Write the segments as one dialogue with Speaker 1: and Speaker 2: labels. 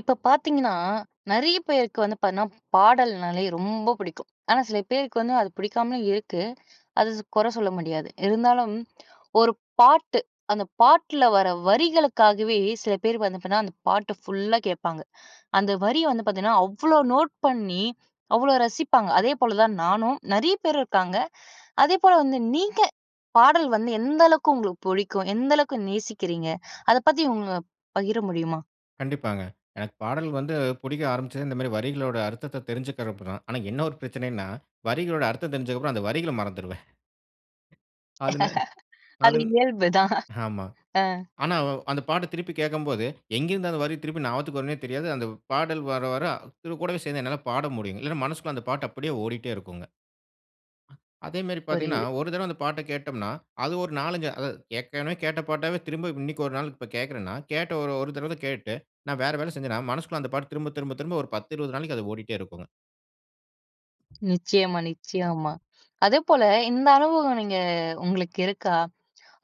Speaker 1: இப்ப பார்த்தீங்கன்னா நிறைய பேருக்கு வந்து பாத்தீங்கனா பாடல்னாலே ரொம்ப பிடிக்கும். ஆனா சில பேருக்கு வந்து அது பிடிக்காமலும் இருக்கு. அது கொற சொல்ல முடியாது. இருந்தாலும் ஒரு பாட்டு அந்த பாட்டுல வர வரிகளுக்காகவே சில பேரு வந்து பாத்தீங்கனா அந்த பாட்டு ஃபுல்லா கேட்பாங்க. அந்த வரிய வந்து பார்த்தீங்கன்னா அவ்ளோ நோட் பண்ணி அவ்ளோ ரசிப்பாங்க. அதேபோல தான் நானும், நிறைய பேர் இருக்காங்க. அதேபோல வந்து நீங்க பாடல் வந்து எந்த அளவுக்கு உங்களுக்கு புடிக்கும்? எந்த அளவுக்கு நேசிக்கிறீங்க? அதை பத்தி உங்க பகிர முடியுமா?
Speaker 2: கண்டிப்பாங்க. எனக்கு பாடல் வந்து புடிக்க ஆரம்பிச்சதே இந்த மாரி வரிகளோட அர்த்தத்தை தெரிஞ்சுகிக்கிறப்பதான். ஆனா என்ன ஒரு பிரச்சனைன்னா வரிகளோட அர்த்தம் தெரிஞ்சதுக்கப்பறம் அந்த வரிகள மறந்துருவேன். அதுனு
Speaker 1: அது
Speaker 2: அதுன்
Speaker 1: இயல்புதான்.
Speaker 2: ஆமா.
Speaker 1: அ.
Speaker 2: ஆனா வ் அந்த பாட்ட திருப்பி கேட்கும்போது எங்கிருந்து அந்த வரி திருப்பி ஞாபத்துக்கு வரும்னே தெரியாது. அந்த பாடல் வர வர இது கூடவே சேர்ந்து என்னால பாட முடியும். இல்லைன்னா மனசுக்குள்ள அந்த பாட்டு அப்படியே ஓடிட்டே இருக்குங்க. அ அதே மாரி பார்த்தீங்கன்னா
Speaker 1: புரியுது.
Speaker 2: ஒரு தடவ அந்த பாட்டை கேட்டோம்னா அது ஒரு 4, 5 அதாவது, ஏற்கனவே கேட்ட பாட்டவே திரும்ப இன்னைக்கு ஒரு நாள் இப்ப கேட்கிறேன்னா, கேட்ட ஒரு ஒரு தடவை கேட்டு நான் வேற வேலை செஞ்சேன்னா மனசுக்குள்ள அந்த பாட்டு திரும்ப திரும்ப திரும்ப ஒரு 10 20 நாளைக்கு அது ஓடிட்டே இருக்குங்க.
Speaker 1: நிச்சயமா நிச்சயமா. அதேபோல இந்த அனுபவம் நீங்க உங்களுக்கு இருக்கா?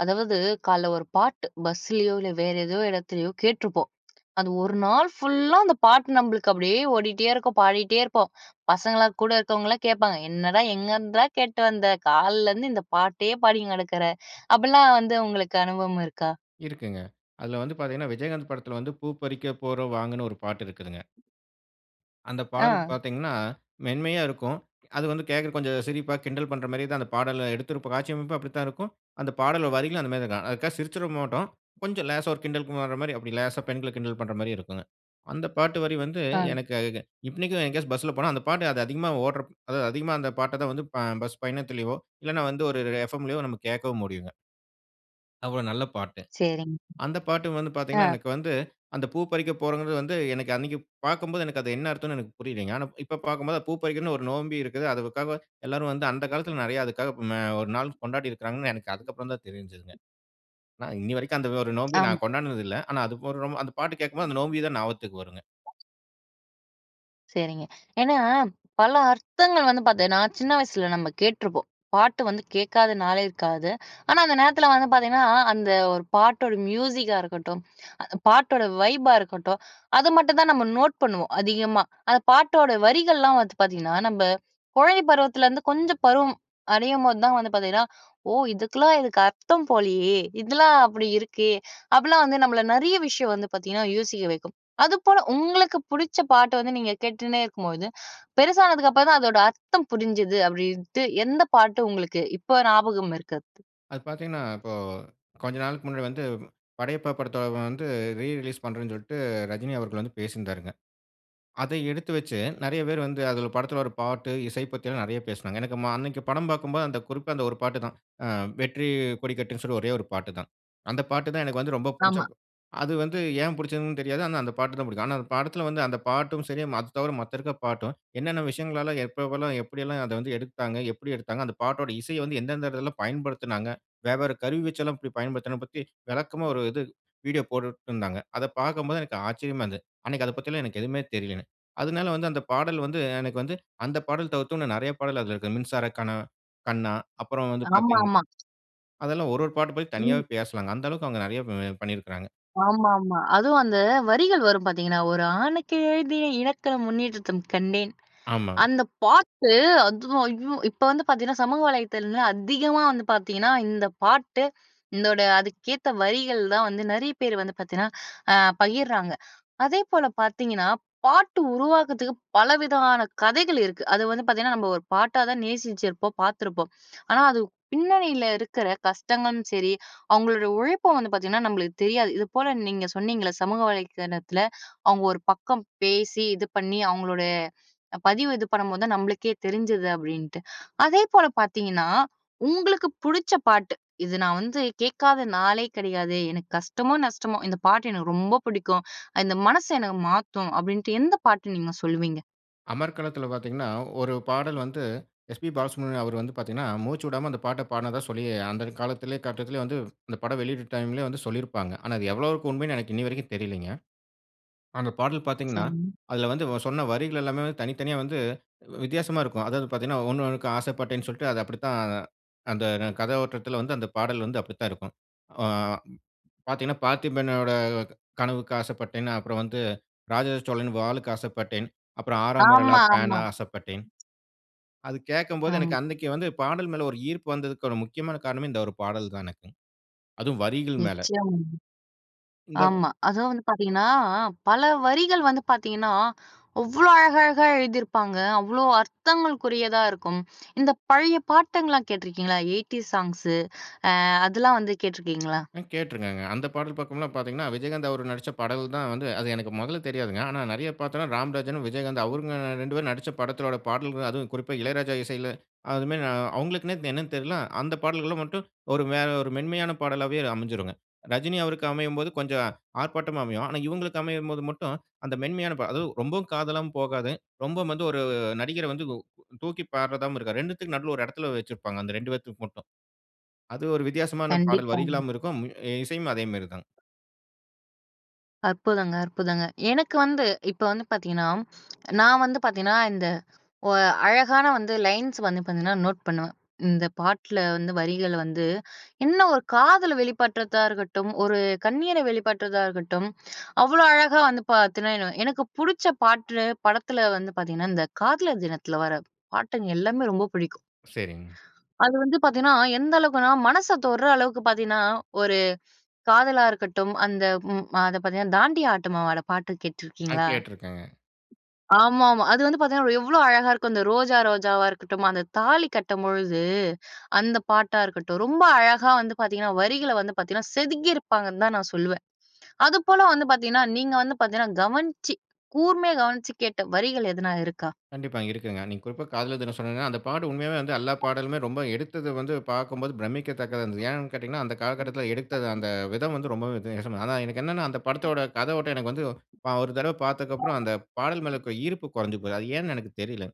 Speaker 1: அதாவது கால்ல ஒரு பாட்டு பஸ்லயோ! இல்ல வேற ஏதோ இடத்திலயோ! கேட்டுருப்போம். அது ஒரு நாள் ஃபுல்லா அந்த பாட்டு நம்மளுக்கு அப்பிடியே ஓடிட்டே இருக்கும். பாடிட்டே இருப்போம். பசங்கள்லாம் கூட இருக்கவங்கலாம் கேட்பாங்க. "என்னடா எங்கேருந்துடா கேட்டு வந்த, கால்ல இருந்து இந்த பாட்டயே பாடிங் கெடக்கிற" அப்படில்லாம் வந்து உங்களுக்கு அனுபவம் இருக்கா?
Speaker 2: இருக்குங்க. அதுல வந்து பார்த்தீங்கன்னா, விஜயகாந்த் படத்தில வந்து பூ பறிக்க போறோம் வாங்கன்னு ஒரு பாட்டு இருக்குதுங்க. அந்த பாடல்
Speaker 1: ஆ.
Speaker 2: பார்த்தீங்கன்னா, மென்மையா இருக்கும். அது வந்து கேட்கிற கொஞ்சம் சிரிப்பா கிண்டல் பண்றமாரியே தான் அந்த பாடல எடுத்திருப்ப காட்சி அமைப்பும் அப்பிடித்தான் இருக்கும். அந்த பாடல் வரிகளும் அந்தமாதிரி தான் இருக்கும். அதுக்காக சிரிச்சிற மாட்டோம். கொஞ்சம் லேசா ஒரு கிண்டலுக்கு வர்றமாரி அப்பிடி லேசா பெண்கள கிண்டல் பண்றமாரி இருக்குங்க. அந்த பாட்டு வரி வந்து,
Speaker 1: ஆ.
Speaker 2: எனக்கு அ க க இன்னிக்கும் எங்கயாச்சும் பஸ்ல போனா, அந்த பாட்டு அது அதிகமா ஓட்றப்போ அதாவது அதிகமா அந்த பாட்ட தான் வந்து ப பஸ் பயணத்திலயோ! இல்லன்னா வந்து ஒரு ஒரு எஃப்எம்லயோ நம்ம கேட்கவும் முடியுங்க. அவ்ளோ நல்ல பாட்டு.
Speaker 1: சரிங்க.
Speaker 2: அந்த பாட்டு வந்து
Speaker 1: ஆ.
Speaker 2: பார்த்தீங்கன்னா, எனக்கு வந்து அந்த பூ பறிக்க போறோங்கிறது வந்து, எனக்கு அன்னக்கி பார்க்கும்போது எனக்கு அது என்ன அர்த்தனோன்னு எனக்கு புரியலைங்க. ஆனா, இப்ப பார்க்கும்போது அது பூ பறிக்கிறதுன்னு ஒரு நோன்பி இருக்குது. அதுக்காக எல்லாரும் வந்து அந்த காலத்தில நிறைய அதுக்காக ம ஒரு நாள் கொண்டாடி இருக்குறாங்கன்னு, எனக்கு அதுக்கு அப்பறந்தான் தெரிஞ்சதுங்க. நான் இன்னிய வரைக்கும் அந்த ஒரு நோன்பி
Speaker 1: ஆமா.
Speaker 2: நான் கொண்டாடுனது இல்ல. ஆனா, அது போடுறம்மோ அந்தப் பாட்டு கேட்கும்போது அந்த நோன்பி தான் ஞாபகத்துக்கு வருங்க.
Speaker 1: சரிங்க. ஏன்னா, பல அர்த்தங்கள் வந்து பார்த்தீங்னா, சின்ன வயசுல, நம்ப கேட்ருப்போம். பாட்டு வந்து கேட்காத நாளே இருக்காது. ஆனா அந்த நேரத்தில வந்து பார்த்தீங்கன்னா, அந்த ஒரு பாட்டோட மியூசிக்கா இருக்கட்டும், பாட்டோட வைப்பா இருக்கட்டும், அது மட்டும் தான் நம்ப நோட் பண்ணுவோம், அதிகமா. அந்த பாட்டோட வரிகள்ல்லாம் வந்து பார்த்தீங்கன்னா, நம்ப கொழந்தை பருவத்திலருந்து, வந்து கொஞ்சம் பருவம் அடையும்போது தான் வந்து, பார்த்தீங்கன்னா, ஓ! இதுக்குல்லாம், இதுக்கு அர்த்தம்போலயே. இதெல்லாம் அப்டி இருக்கே. அப்டில்லாம் வந்து நம்பள நிறைய விஷயம் வந்து, பார்த்தீங்கன்னா யோசிக்க வைக்கும். அதுபோல உங்களுக்கு புடுச்ச பாட்டு வந்து, நீங்க கேட்டுண்னே இருக்கும்போது பெரிசாதானதுக்கப்புறந்தான் அதனுடைய அர்த்தம் புரிஞ்சது, அப்டின்டு, எந்த பாட்டு உங்களுக்கு இப்ப ஞாபகம் இருக்கறது?
Speaker 2: அது பார்த்தீங்கன்னா, இப்பொ கொஞ்ச நாளைக்கு முன்னாடி வந்து, படையப்பா படத்த வந்து ரீ ரிலீஸ் பண்ணுறேன்ன்னு சொல்லிட்டு, ரஜினி அவர்கள் வந்து பேசியிருந்தாங்க. அதை எடுத்து வைச்சு, நெறைய பேர் வந்து அத படத்தில வர பாட்டு, இசை பத்திலாம் நெறைய பேசினாங்க. எனக்கு ம அன்னைக்கு படம் பாக்கும்போது, அந்த குறிப்பா அந்த ஒரு பாட்டு தான். ஆ வெற்றி கொடிக்கட்டுன்னு சொல்லி ஒரே ஒரு பாட்டு தான். அந்த பாட்டு தான் எனக்கு வந்து ரொம்ப புடிச்ச
Speaker 1: ஆமா.
Speaker 2: அது வந்து ஏன் புடிச்சதுனு தெரியாது. ஆனா அந்த பாட்டு தான் பிடிக்கும். ஆனா அந்த படத்தில வந்து, அந்த பாட்டும் சரி, அது தவிர மத்த இருக்க பாட்டும், என்னென்ன விஷயங்கள்லலாம் எப்பெல்லாம் எப்டியெல்லா அதை வந்து எடுத்தாங்க, எப்டி எடுத்தாங்க, அந்த பாட்டோட இசைய வந்து எந்தெந்த இடத்லலா பயன்படுத்தினாங்க. வேவ்வேற கருவி வச்செல்லாம் எப்டி பயன்படுத்தணும் பத்தி, விளக்கமா ஒரு இது வீடியோ போட்டுருந்தாங்க அதை பார்க்கும்போது எனக்கு ஆச்சரியமா இருந்தது. அன்னைக்கு அதை பத்தி எல்லாம் எனக்கு எதுவுமே தெரியல. அதனால வந்து, அந்த பாடல் வந்து, எனக்கு வந்து, அந்த பாடல் தவிர்த்து, இன்னு நிறைய பாடல் அதில இருக்கு. மின்சார கனா கண்ணா, அப்பறம் வந்து
Speaker 1: ஆமா,
Speaker 2: பார்த்தீங்கன்
Speaker 1: ஆமா.
Speaker 2: அதெல்லாம் ஒரொரு பாட்டும் போய்
Speaker 1: ம்.
Speaker 2: தனியாவே பேசலாங்க. அந்த அளவுக்கு அவங்க நிறைய ப பண்ணி பண்ணிருக்குறாங்க.
Speaker 1: ஆமா, ஆமா. அதுவும் அந்த வரிகள் வரும் பார்த்தீங்கன்னா, "ஒரு ஆணுக்கு எழுதிய இலக்கணமுன்னிடத்தில் கண்டேன்".
Speaker 2: ஆமாங்க.
Speaker 1: அந்த பாட்டு அதுவும் ஐயோ! இப்ப வந்து பார்த்தீங்கன்னா, சமூக வலைதளத்துல வந்து, அதிகமா வந்து பார்த்தீங்கன்னா, இந்த பாட்டு, இதோட அதுக்கேத்த வரிகள் தான் வந்து நெறைய பேர் வந்து பார்த்தீங்கன்னா பகிர்றாங்க. அதேபோல பார்த்தீங்கன்னா பாட்டு உருவாக்கத்துக்கு பலவிதமான கதைகள் இருக்கு. அது வந்து பார்த்தீங்கன்னா, நம்ம ஒரு பாட்டாதான் நேசிச்சுருப்போம், பார்த்துருப்போம். ஆனா அது பின்னணில இருக்கிற கஷ்டங்களும் சரி, அவங்களோட ஒரு உழைப்ப வந்து பார்த்தீங்கன்னா நம்ளுக்கு தெரியாது. இது போல நீங்க சொன்னீங்கள்ல சமூக வலைத்தளத்தில அவுங்க ஒரு பக்கம் பேசி, இது பண்ணி, அவங்களுடைய பதிவு இது பண்ணும்போது தான், நம்மளுக்கே தெரிஞ்சது அப்படின்ட்டு. அதே போல பார்த்தீங்கன்னா, உங்களுக்கு புடிச்ச பாட்டு இது. நான் வந்து கேட்காத நாளே கிடையாதே. எனக்கு கஷ்டமோ நஷ்டமோ இந்த பாட்டு எனக்கு ரொம்ப புடிக்கும். இந்த மனசு எனக்கு மாத்தும் அப்டின்னு எந்த பாட்டு நீங்க சொல்வீங்க?
Speaker 2: அமர்க்களத்துல பார்த்தீங்கன்னா, 1 பாடல் வந்து எஸ்.பி. பாலசுப்பிரமணியம் அவரு வந்து பார்த்தீங்கன்னா, மூச்சு விடாம அந்த பாட்ட பாடுனதா சொல்லி, அந்த காலத்திலே கட்டத்திலே வந்து இந்த படம் வெளியீட்டு டைம்லே வந்து சொல்லியிருப்பாங்க. ஆனா, அது எவ்வளவுக்கு உண்மைன்னு எனக்கு இன்னிவரைக்கும் தெரியலைங்க. அந்த பாடல் பார்த்தீங்கன்னா,
Speaker 1: செம்
Speaker 2: அதில வந்து இவன் சொன்ன வரிகள் எல்லாமே தனித்தனியா வந்து வித்தியாசமா இருக்கும். அதாவது பார்த்தீங்கன்னா, 1- 1க்கு ஆசைப்பட்டேன்ன்னு சொல்ட்டு, அது அப்படித்தான் அந்த [unintelligible] கதை ஓட்டத்துல வந்து அந்த பாடல் வந்து அப்படித்தான் இருக்கும். ஆ பார்த்தீங்கன்னா, பார்த்திபனோட க கனவுக்கு ஆசைப்பட்டேன், அப்பறம் வந்து ராஜராஜ சோழன் வாளுக்கு ஆசைப்பட்டேன். அப்பறம் ஆறாம் விரலா
Speaker 1: ஆமா, ஆமா.
Speaker 2: பேனா ஆசைப்பட்டேன். அது கேட்கம்போது
Speaker 1: ஆமா.
Speaker 2: எனக்கு அன்னைக்கு வந்து பாடல் மேல ஒரு ஈர்ப்பு வந்ததுக்கு ஒரு முக்கியமான காரணமே இந்த 1 பாடல் தான் எனக்கும். அதுவும் வரிகள் மேல.
Speaker 1: நிச்சயமாங்க.
Speaker 2: இந்த
Speaker 1: ஆமா. அதுவும் வந்து பார்த்தீங்கன்னா, அ பல வரிகள் வந்து பார்த்தீங்கன்னா, அவ்ளோ அழகழகா எழுதிருப்பாங்க. அவ்ளோ அர்த்தங்களுக்குரியதா இருக்கும். இந்த பழைய பாட்டுங்கள்லாம் கேட்டுருக்கீங்களா? Eighties songs. அ அதெல்லாம் வந்து கேட்டுருக்கீங்களா?
Speaker 2: ம் கேட்ருக்கேங்க. அந்த பாடல் பக்கம்லாம் பார்த்தீங்கன்னா, விஜயகாந்த் அவரு நடிச்ச பாடல் தான் வந்து அது எனக்கு மொதல்ல தெரியாதுங்க. ஆனா, நெறையா பார்த்தோம்ன்னா, ராம்ராஜனும், விஜயகாந்தும் அவங்க
Speaker 1: [unintelligible]
Speaker 2: 2 பேரும் நடிச்ச படத்தோட பாடல்கள், அதுவும் குறிப்பா இளையராஜா இசையில அதுமாரி நா அவுங்களுக்குன்னே இது என்னன்னு தெர்ல. அந்த பாடல்கள மட்டும் ஒரு மெ ஒரு மென்மையான பாடலாவே அமஞ்சிருங்க. ரஜினி அவருக்கு அமையும்போது கொஞ்சம் ஆர்ப்பாட்டமா அமையும். ஆனா, இவுங்களுக்கு அமையும்போது மட்டும் அந்த மென்மையான பா அதுவும் ரொம்பவும் காதலாவும் போகாது. ரொம்பவும் வந்து ஒரு நடிகர வந்து உ தூக்கி பாட்றதாவும் இருக்காது. 2 த்துக்கும் நடுவுல ஒரு இடத்தில வச்சிருப்பாங்க. அந்த 2 பேத்துக்கு மட்டும். அது ஒரு வித்தியாசமான பாடல்
Speaker 1: கண்டிப்பாங்க.
Speaker 2: வரிகளாவும் இருக்கும். இசையும் அதே மாரிதான்.
Speaker 1: அற்புதங்க, அற்புதங்க. எனக்கு வந்து இப்ப வந்து பார்த்தீங்கன்னா நான் வந்து பார்த்தீங்கன்னா இந்த ஒ அழகான வந்து லைன்ஸ் வந்து பார்த்தீங்கன்னா நோட் பண்ணுவேன். இந்த பாட்ல வந்து வரிகள் வந்து என்ன ஒரு காதலை வெளிப்படுத்திறதா இருக்கட்டும் ஒரு கண்ணீரை வெளிப்படுத்திறதா இருக்கட்டும். அவ்வளோ அழகா வந்து பார்த்தீங்கன்னா, எனக்கு புடிச்ச பாட்டு படத்தில வந்து பார்த்தீங்கன்னா இந்த காதலர் தினத்தில வர பாட்டுங்க எல்லாமே ரொம்ப பிடிக்கும்.
Speaker 2: சரிங்க.
Speaker 1: அது வந்து பார்த்தீங்கன்னா, எந்த அளவுக்குன்னா மனச தொடுற அளவுக்கு பார்த்தீங்கன்னா ஒரு காதலா இருக்கட்டும் அந்த ம் அதை பார்த்தீங்கன்னா தாண்டியா ஆட்டமுமாட பாட்டு
Speaker 2: நான்
Speaker 1: கேட்டிருக்கீங்களா?
Speaker 2: கேட்டுருக்கேங்க.
Speaker 1: ஆமா, ஆமா. அது வந்து பார்த்தீங்கன்னா எவ்வளோ அழகா இருக்கும். அந்த ரோஜா, ரோஜாவா இருக்கட்டும், அந்த தாலி கட்டும் பொழுது அந்த பாட்டா இருக்கட்டும், ரொம்ப அழகா வந்து பார்த்தீங்கன்னா வரிகள வந்து பார்த்தீங்கன்னா செதுக்கி இருப்பாங்கன்னு தான் நான் சொல்லுவேன். அதுபோல வந்து பார்த்தீங்கன்னா, நீங்க வந்து பார்த்தீங்கன்னா கவனிச்சு கூர்மையா கவனிச்சு கேட்ட வரிகள் எதனா இருக்கா?
Speaker 2: கண்டிப்பா இருக்குங்க. நீங்க குறிப்பா காதலர் தினம் சொன்னீங்கன்னா அந்த பாட்டு உண்மையாவே வந்து எல்லா பாடலுமே ரொம்ப எடுத்தது வந்து பார்க்கும்போது பிரமிக்கத்தக்கதா இருந்தது. ஏன்னு கேட்டீங்கன்னா, அந்த
Speaker 1: ம்.
Speaker 2: காலகட்டத்தில எடுத்தது அந்த விதம் வந்து ரொம்பவே வித்தியாசம ஆனா எனக்கு என்னன்னா அந்த படத்தோட கதை ஓட்டம் எனக்கு வந்து அ ஒரு தடவை பார்த்ததுக்கு அப்புறம் அந்த பாடல் மேல இருக்கிற ஈர்ப்பு குறைஞ்சு போகுது. அது ஏன்னு எனக்கு தெரியல.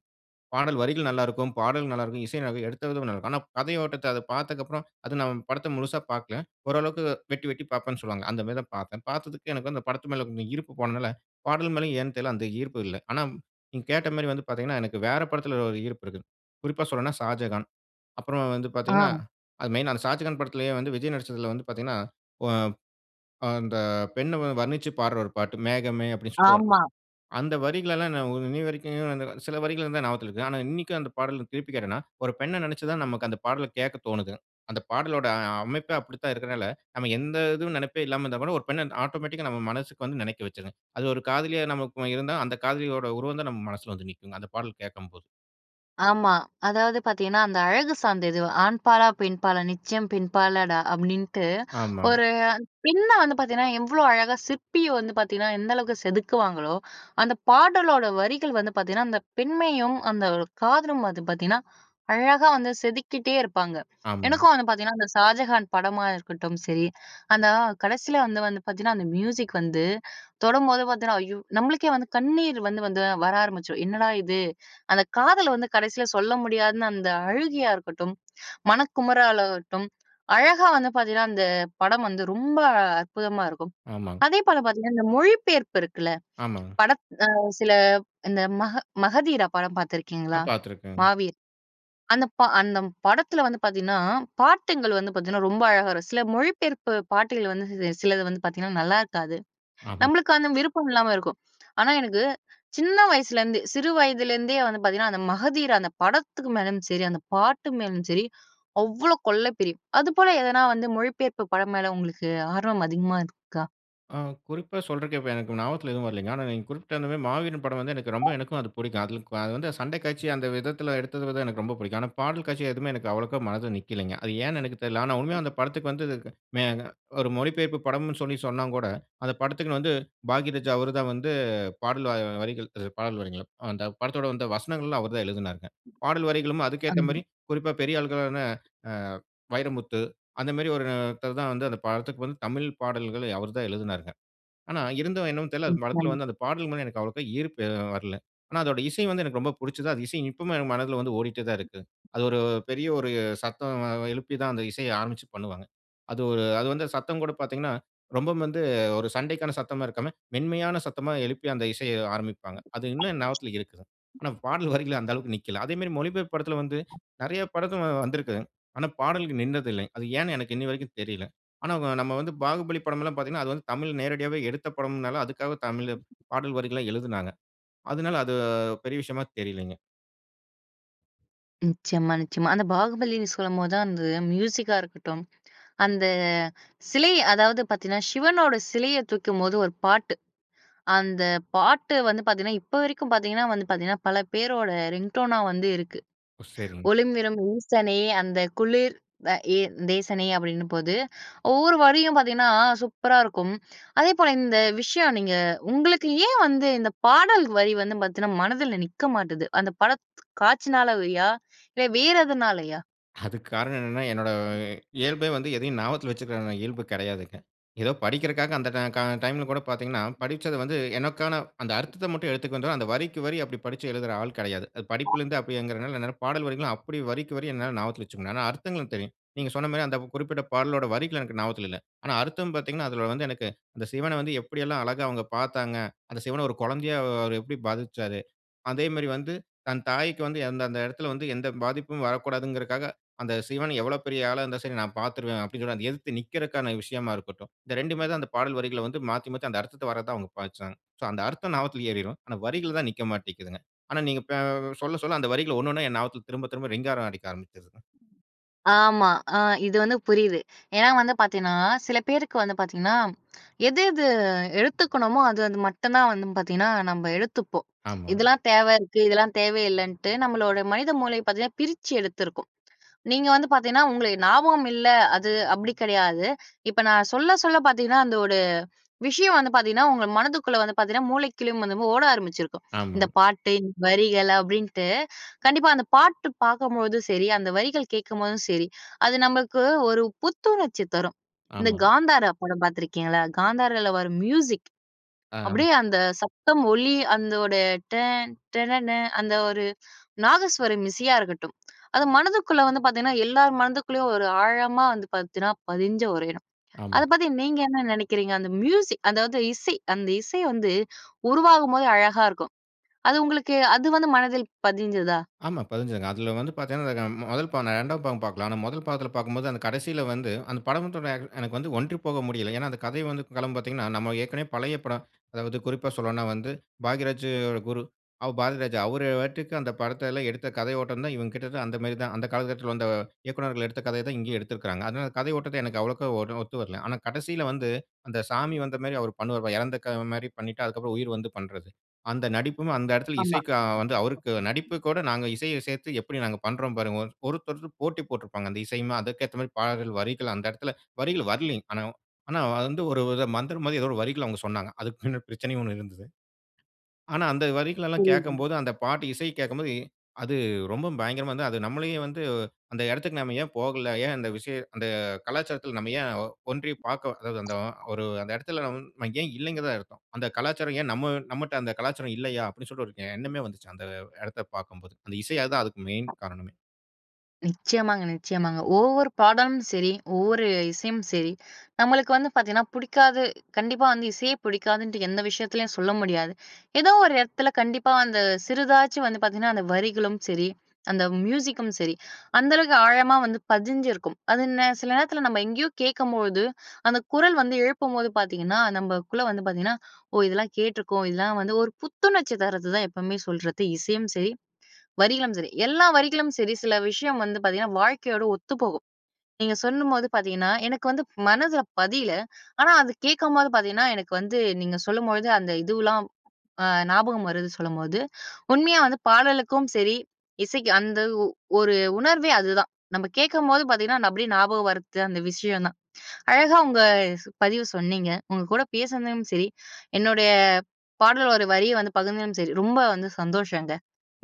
Speaker 2: பாடல் வரிகள் நல்லா இருக்கும். பாடல் நல்லா இருக்கும். இசை [unintelligible] எடுத்த விதம் நல்லா இருக்கும். ஆனா கதையோட்டத்த அத பார்த்ததுக்கப்பறம் அது நான் படத்தை முழுசா பார்க்கல. ஓரளவுக்கு வெட்டி வெட்டி பார்ப்பேன்ன்னு சொல்லுவாங்க. அந்த மாரி தான் பார்த்தேன். பார்த்ததுக்கு எனக்கு வந்து அந்த படத்து மேல இருந்த ஈர்ப்பு போனதால பாடல் மேலயும் ஏன்னு தெரியல அந்த ஈர்ப்பு இல்ல. ஆனா நீங்க கேட்ட மாரி வந்து பார்த்தீங்கன்னா எனக்கு வேற படத்தில ஒரு ஈர்ப்பு இருக்கு. குறிப்பா சொல்லணுன்னா ஷாஜகான். அப்பறம் வந்து
Speaker 1: ஆ.
Speaker 2: பார்த்தீங்கன்னா அது மெயினா அந்த ஷாஜகான் படத்திலேயே வந்து விஜய் நடிச்சதில வந்து பார்த்தீங்கன்னா ஒ ப் அந்த பெண்ண வந்து வர்ணிச்சுப் பாடுற ஒரு பாட்டு மேகமே அப்படின்னு சொல்லி வரும்.
Speaker 1: ஆமா.
Speaker 2: அந்த வரிகளெல்லாம் நான் இன்னிய வரைக்குங்க, சில வரிகள் தான் ஞாபகத்தில இருக்கு. ஆனா இன்னைக்கும் அந்த பாடல் திருப்பி கேட்டேன்னா ஒரு பெண்ணை நினைச்சு தான் நமக்கு அந்த பாடலை கேட்க தோனுது. அந்த பாடலோட அ அமைப்பே அப்படித்தான் இருக்கறனால, நம்ம எந்த இதுவும் நினைப்பே இல்லாம இருந்தா கூட, ஒரு பெண்ணை ஆட்டோமேட்டிக்கா நம்ம மனசுக்கு வந்து நினைக்க வச்சுருங்க. அது ஒரு காதலியா நமக்கு இருந்தா, அந்த காதலியோட உருவம் தான் நம்ம மனசில வந்து நிக்குங்க. அந்த பாடல் கேட்கும் போது.
Speaker 1: ஆமா. அதாவது பார்த்தீங்கன்னா, அந்த அழகு சார்ந்தது, "ஆண்பாலா, பெண்பாலா நிச்சயம் பெண்பாலடா!" அப்டின்ட்டு
Speaker 2: ஆமா.
Speaker 1: ஒரு பெண்ண வந்து பார்த்தீங்கன்னா, எவ்ளோ அழகா சிற்பிய வந்து பார்த்தீங்கன்னா எந்த அளவுக்கு செதுக்குவாங்களோ, அந்த பாடலோட வரிகள் வந்து பாத்தீங்கன்னா, அந்த பெண்மையும் அந்த ஒரு காதலும் வந்து பாத்தீங்கன்னா, அழகா வந்து செதுக்கிட்டே இருப்பாங்க.
Speaker 2: ஆமா.
Speaker 1: எனக்கும் வந்து பாத்தீங்கன்னா, அந்த 'ஷாஜகான்' படமா இருக்கட்டும் சரி, அந்த கடைசில வந்து வந்து பாத்தீங்கன்னா, அந்த மியூசிக் வந்து தொடம்போது பாத்தீங்கன்னா. ஐயோ! நம்ளுக்கே வந்து கண்ணீர் வந்து வந்து வர ஆரம்பிச்சுரும், என்னடா இது? அந்த காதல வந்து, கடைசில சொல்ல முடியாதுன்னு அந்த அழுகையா இருக்கட்டும், மனக்குமராலாகட்டும், அழகா வந்து பாத்தீங்கன்னா, அந்த படம் வந்து ரொம்ப அற்புதமா இருக்கும்.
Speaker 2: ஆமா.
Speaker 1: அதே போல பாத்தீங்கன்னா, இந்த மொழிப்பெயர்ப்பு இருக்குல,
Speaker 2: ஆமா.
Speaker 1: படத் அ சில இந்த மக 'மகதீரா' படம்
Speaker 2: நா
Speaker 1: பாத்துருக்கீங்களா?
Speaker 2: பாத்திருக்கேன்.
Speaker 1: 'மாவீர்'. அந்த ப அந்த படத்துல வந்து பாத்தீங்கன்னா, பாடல்கள் வந்து பாத்தீங்கன்னா, ரொம்ப அழகா வரும். சில மொழிபெயர்ப்பு பாடல்கள் வந்து சி சிலது வந்து பாத்தீங்கன்னா நல்லாருக்காது.
Speaker 2: ஆமா.
Speaker 1: நம்மளுக்கு அந்த விருப்பம் இல்லாம இருக்கும். ஆனா, எனக்கு, சின்ன வயசுலேருந்து சிறு வயதிலேருந்தே வந்து பாத்தீங்கன்னா, அந்த 'மகதீரா' அந்த படத்துக்கு மேலயும் சரி, அந்த பாட்டு மேலும் சரி, அவ்ளோ கொள்ள பிரியம். அதுபோல எதனா வந்து மொழிப்பெயர்ப்பு படம் மேல, உங்களுக்கு ஆர்வம் அதிகமா இருக்கா?
Speaker 2: ஆ குறிப்பா சொல்றதுக்கு, இப்ப எனக்கு ஞாபகத்தில எதுவும் வரலைங்க. ஆனா நீங்க குறிப்பிட்ட அந்த மாரி மாவீரன் படம் வந்து எனக்கு ரொம்ப
Speaker 1: அ.
Speaker 2: எனக்கும் அது பிடிக்கும். அதுல கு அது வந்து சண்டை காட்சி அந்த விதத்தில எடுத்தது எனக்கு ரொம்ப பிடிக்கும். ஆனா பாடல் காட்சி எதுவுமே எனக்கு அவ்ளோகா மனதுல நிக்கலைங்க. அது ஏன்னு எனக்கு தெரியல. ஆனா உண்மையா அந்த படத்துக்கு வந்ததுக்கு மேனா ஒரு மொழிபெயர்ப்பு படம்னு சொல்லி சொன்னா கூட, அந்த படத்துக்குனு வந்து, பாக்யராஜா அவர் தான் வந்து பாடல் வரிகள் அ வரிகள் பாடல் வரிகள். அந்த படத்தோட வந்த வசனங்கள்லாம் அவர் தான் எழுதினாங்க. பாடல் வரிகளும் அதுக்கேத்த
Speaker 1: அமா.
Speaker 2: மாரி, குறிப்பா பெரிய ஆள்களான அ வைரமுத்து, அந்த மாரி ஒருத்தர் தான் வந்து அந்த படத்துக்கு வந்து தமிழ் பாடல்களை அவர் தான் எழுதுனாருங்க. ஆனா, இருந்தும் என்னவோ தெரியல.
Speaker 1: ம்.
Speaker 2: அந்த படத்தில
Speaker 1: [unintelligible]
Speaker 2: வந்து அந்த பாடல் மேல எனக்கு அவ்ளோகா ஈர்ப்பு வரல. ஆனா அதோட இசை வந்து எனக்கு ரொம்ப பிடிச்சது. அந்த இசை இப்பவுமே என் மனதில வந்து ஓடிட்டே தான் இருக்கு. அது ஒரு பெரிய ஒரு சத்தம் எழுப்பி தான் அந்த இசைய ஆரம்பிச்சு பண்ணுவாங்க. அது ஒரு அது வந்து சத்தம் கூட பார்த்தீங்கன்னா ரொம்பவும் வந்து ஒரு சண்டைக்கான சத்தமா இருக்காம, மென்மையான சத்தமா எழுப்பி அந்த இசைய ஆரம்பிப்பாங்க. அது இன்னும் என் ஞாபகத்தில இருக்குது. ஆனா பாடல் வரிகள் அந்த அளவுக்கு நிக்கல. அதேமாரி மொழிபெயர்ப்பு படத்தில வந்து நிறைய படத்துல வந்திருக்குங்க. ஆனா பாடலுக்கு நின்னது இல்லங்க. அது ஏன்னு எனக்கு இன்னிவரைக்கும் தெரியல. ஆனா வ நம்ம வந்து பாகுபலி படமெல்லாம் பார்த்தீங்கன்னா அது வந்து தமிழில நேரடியாவே எடுத்த படம்ன்னால, அதக்காக தமிழ்ல பாடல் வரிகள்லாம் எழுதினாங்க. அதனால, அது பெரிய விஷயமா தெரியலைங்க.
Speaker 1: நிச்சயமா, நிச்சயமா. அந்த பாகுபலினு சொல்லும்போது தான் அந்த மியூசிக்கா இருக்கட்டும். அந்த சிலை அதாவது பாத்தீங்கன்னா சிவனோட சிலையைத் தூக்கும்போது ஒரு பாட்டு. அந்த பாட்டு வந்து பாத்தீங்கன்னா இப்ப வரைக்கும் பாத்தீங்கன்னா வந்து பாத்தீங்கன்னா பல பேரோட ரிங் டோன்னா வந்து இருக்கு.
Speaker 2: ஓ! சரிங்க.
Speaker 1: ஒழும் விலும் ஈசனே அந்த குளிர் அ எ தேசனே அப்படின்னு போது, ஒவ்வொரு வரியும் பாத்தீங்கன்னா சூப்பரா இருக்கும். அதே போல இந்த விஷயம் நீங்க உங்களுக்கு ஏன் வந்து இந்த பாடல் வரி வந்து பாத்தீங்கன்னா மனதில நிக்க மாட்டுது. அந்த பட த் காட்சினாலயா இல்ல வேற எதனாலயா?
Speaker 2: அதுக்கு காரணம் என்னனனா என்னோட இயல்பே வந்து எதையும் ஞாபகத்துல வச்சிருக்கிற இயல்பு கெடையாதுங்க. ஏதோ படிக்கிறதுக்காக அந்த கா கா டைம்ல கூட பாத்தீங்கன்னா, படிச்சது வந்து எனக்கான அந்த அர்த்தத்த மட்டும் எடுத்துக்கொண்டு அந்த வரிக்கு வரி அப்படி படிச்சு எழுதுற ஆள் கெடையாது. படிப்பிலருந்து அப்டிங்கிறதுனால என்ன பாடல் வரிகள்லாம் அப்படி வரிக்கு வரி என்னால ஞாபகத்துல வச்சுக்கணும். ஆனா அர்த்தங்களும் தெரியும். நீங்க சொன்ன மாரி அந்த குறிப்பிட்ட பாடளோட வரிகள் எனக்கு ஞாபகத்ல இல்ல. ஆனா அர்த்தம் பார்த்தீங்கன்னா அதுல வந்து எனக்கு அந்த சிவன வந்து எப்டியெல்லாம் அழகா அவங்க பாத்தாங்க அந்த சிவன ஒரு கொழந்தையா அவரு எப்படி பாவிச்சசாரு. அதே மாரி வந்து தன் தாய்க்கு வந்து, அந்த அந்த எடத்துல வந்து எந்த பாதிப்பும் வரக்கூடாதுங்கிறதற்காக, அந்த சிவன எவ்வளவு பெரிய ஆளா இருந்தாலும் சரி நான் பாத்துருவேன் அப்டிங்கிறத எதிர்த்து நிக்கிறதுக்கான விஷயமா இருக்கட்டும். இந்த 2மே தான் அந்த பாடல் வரிகளை வந்து மாத்தி மாத்தி அந்த அர்த்தத்த வர்றத தான் அவங்க பாவிச்சாங்க சோ அந்த அர்த்தம் ஞாபகத்துல ஏறிரும். ஆனா வரிகள் தான் நிக்க மாட்டேக்கிதுங்க. ஆனா நீங்க பே சொல்ல சொல்ல அந்த வரிகள ஒன்னொன்னா என் ஞாபகத்ல திரும்ப திரும்ப ரிங்காரம் அடிக்க ஆரம்பிச்சிருச்சுங்க.
Speaker 1: ஆமா. அ இது வந்து புரியுது ஏன்னா வந்து பாத்தீங்கன்னா, சில பேருக்கு வந்து பாத்தீங்கன்னா, எது எது எடுத்துக்கணுமோ அது அது மட்டும் தான் வந்து பாத்தீங்கன்னா நம்ப எடுத்துப்போம்.
Speaker 2: ஆமாங்க.
Speaker 1: இதெல்லாம் தேவ இருக்கு இதெல்லாம் தேவ இல்லைன்ட்டு நம்மளோட மனித மூளை பாத்தீங்கன்னா பிரிச்சு எடுத்ருக்கோம். நீங்க வந்து பாத்தீங்கன்னா, உங்களுக்கு ஞாபகம் இல்ல. அது அப்படி கிடையாது. இப்ப நான் சொல்ல சொல்ல பாத்தீங்கன்னா அந்த ஒரு விஷயம் வந்து பாத்தீங்கன்னா உங்க மனதுக்குள்ள வந்து பாத்தீங்கன்னா மூளைக்குள்ளயும் வந்து ஓட ஆரம்பிச்சிருக்கும். இந்த
Speaker 2: ஆமாங்க.
Speaker 1: பாட்டு வரிகள் அப்படின்டு கண்டிப்பா அந்த பாட்டு பாக்கும்போதும் சரி, அந்த வரிகள் கேட்கும்போதும் சரி, அது நமக்கு ஒரு புத்துணர்ச்சி தரும். இந்த
Speaker 2: ஆமாங்க.
Speaker 1: காந்தாரா படம் பாத்துருக்கிங்களா? காந்தாரல வரும் மியூசிக்.
Speaker 2: ஆம்.
Speaker 1: அப்டியே அந்த சத்தம் ஒளி அதனுடைய டன் டனன அந்த ஒரு நாதஸ்வரம் இசையா இருக்கட்டும். அது மனதுக்குள்ள வந்து பாத்தீங்கன்னா, எல்லோர் மனதிற்குள்ளேயும் ஒரு ஆழமா வந்து பாத்தீங்கன்னா பதிஞ்ச ஒரு இடம். அத
Speaker 2: ஆமாங்க.
Speaker 1: பத்தி நீங்க என்ன நினைக்கிறீங்க. அந்த மியூசிக், அதாவது இசை அந்த இசை வந்து உருவாகும்போது அழகா இருக்கும். அது உங்களுக்கு அது வந்து மனதில் பதிஞ்சதா?
Speaker 2: ஆமா பதிஞ்சதுங்க. அதுல வந்து பாத்தீங்கன்னா முதல் பா 2வது பாகம் பாக்கல. ஆனா முதல் பாகத்தில பாக்கும்போது அந்த கடைசில வந்து அந்த படம் தோ எனக்கு வந்து ஒன்றி போக முடியல. ஏனா அந்த கதை வந்து காலம் பாத்தீங்கன்னா நம்ம ஏற்கனவே பழைய படம். அதாவது குறிப்பா சொல்லனுனா வந்து பாக்யராஜியோட குரு அவ பராதிராஜா அவரு பாட்டுக்கு அந்த படத்துல எடுத்த கதையோட்டம் தான் இவங்கிட்டருந்து அந்த மாரி தான். அந்த காலகட்டத்துல வந்த இயக்குனர்கள் எடுத்த கதைய தான் இங்கேயே எடுத்திருக்கிறாங்க. அதனால அந்த கதைய ஓட்டத்த எனக்கு. அவ்வளோக்க ஒண்ணு ஒத்து வரல. ஆனா கடைசில வந்து அந்த சாமி வந்த மாரி அவர் பண்ணுவாரு பார் இறந்தக்க மாரி பண்ணிட்டு அதுக்கப்புறம் உயிர் வந்து பண்றது. அந்த நடிப்பும் அந்த எடத்துல
Speaker 1: ஆமா.
Speaker 2: இசைக்கு அ வந்து அவருக்கு நடிப்பு கூட நாங்க இசையை சேர்த்து எப்படி நாங்க பண்றோம் பாருங்க. ஒருத்தரு போட்டி போட்டுப்பாங்க. அந்த இசையுமே அதுக்கு ஏத்த மாரி பாடல்கள், வரிகள் அந்த இடத்துல வரிகள் வரலங்க. ஆனா ஆனா வந்து ஒரு மந்திரம் மாதிரி ஏதோ ஒரு வரிகள் அவங்க சொன்னாங்க. அதுக்கு பின்ன பிரச்சனையும் ஒண்ணு இருந்தது. ஆனா அந்த வரிகள்லாம்
Speaker 1: புரியுதுங்க.
Speaker 2: கேட்கும்போது அந்த பாட்டு இசைக் கேட்க்கும்போது அது ரொம்ப பயங்கரமா இருந்தது. அது நம்மளையும் வந்து அந்த இடத்துக்கு நம்ம ஏன் போகல. ஏன் அந்த விசய அந்த கலாச்சாரத்ல நம்ம ஏன் ஒன்றி பாக்க அதாவது அந்த ஒரு அந்த இடத்துல நான் ஏன் இல்லைங்கறது தான் அர்த்தம். அந்த கலாச்சாரம் ஏன் நம்ம நம்மள்ட்ட அந்த கலாச்சாரம் இல்லையா அப்படின்னு சொல்லி ஒரு எண்ணமே வந்துச்சு. அந்த இடத்த பாக்கும்போது. அந்த இசை அதான் அதுக்கு மெயின் காரணமே.
Speaker 1: நிச்சயமாங்க, நிச்சயமாங்க. ஒவ்வொரு பாடலும் சரி, ஒவ்வொரு இசையும் சரி நம்மளுக்கு வந்து பாத்தீங்கன்னா புடிக்காது. கண்டிப்பா வந்து இசையே புடிக்காதுன்ட்டு எந்த விஷயத்திலயும் சொல்ல முடியாது. ஏதோ ஒரு இடத்துல கண்டிப்பா அந்த சிறிதாச்சு வந்து பாத்தீங்கன்னா அந்த வரிகளும் சரி, அந்த மியூசிக்கும் சரி, அந்த அளவுக்கு ஆழமா வந்து பதிஞ்சிருக்கும். அது நே சில நேரத்தல நம்ம எங்கேயோ கேட்கும்போது அந்த குரல் வந்து எழுப்பும்போது பாத்தீங்கன்னா, நமக்குள்ள வந்து பாத்தீங்கன்னா, ஓ இதெல்லாம் கேட்ருக்கோம். இதெல்லாம் வந்து ஒரு புத்துணர்ச்சி தருது தான் எப்பவுமே சொல்றது. இசையும் சரி வரிகளும் சரி. எல்லா வரிகளும் சரி, சில விஷயம் வந்து பாத்தீங்கனா வாழ்க்கையோட ஒத்துப்போகும். நீங்க சொன்னும்போது பாத்தீங்கன்னா எனக்கு வந்து மனதுல பதில. ஆனா அத கேட்கும்போது பாத்தீங்கன்னா எனக்கு வந்து நீங்க சொல்லும்பொழுது அந்த இதுலாம். ஆ ஞாபகம் வருது சொல்லும்போது உண்மையா வந்து பாடலுக்கும் சரி, இசைக்கு அந்த ஒ ஒரு உணர்வே அதுதான். நம்ம கேட்கும்போது பாத்தீங்கன்னா அப்படியே ஞாபகம் வருது அந்த விஷயம் தான். அழகா உங்க பதிவு சொன்னீங்க உங்க கூட பேசுனதலயும் சரி, என்னுடைய பாடல் ஓட வரி வந்து பகுந்ததுலும் சரி, ரொம்ப வந்து சந்தோஷங்க.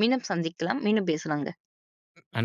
Speaker 1: மீண்டும் சந்திக்கலாம். மீண்டும் பேசலாங்க.
Speaker 2: அ நன்றி.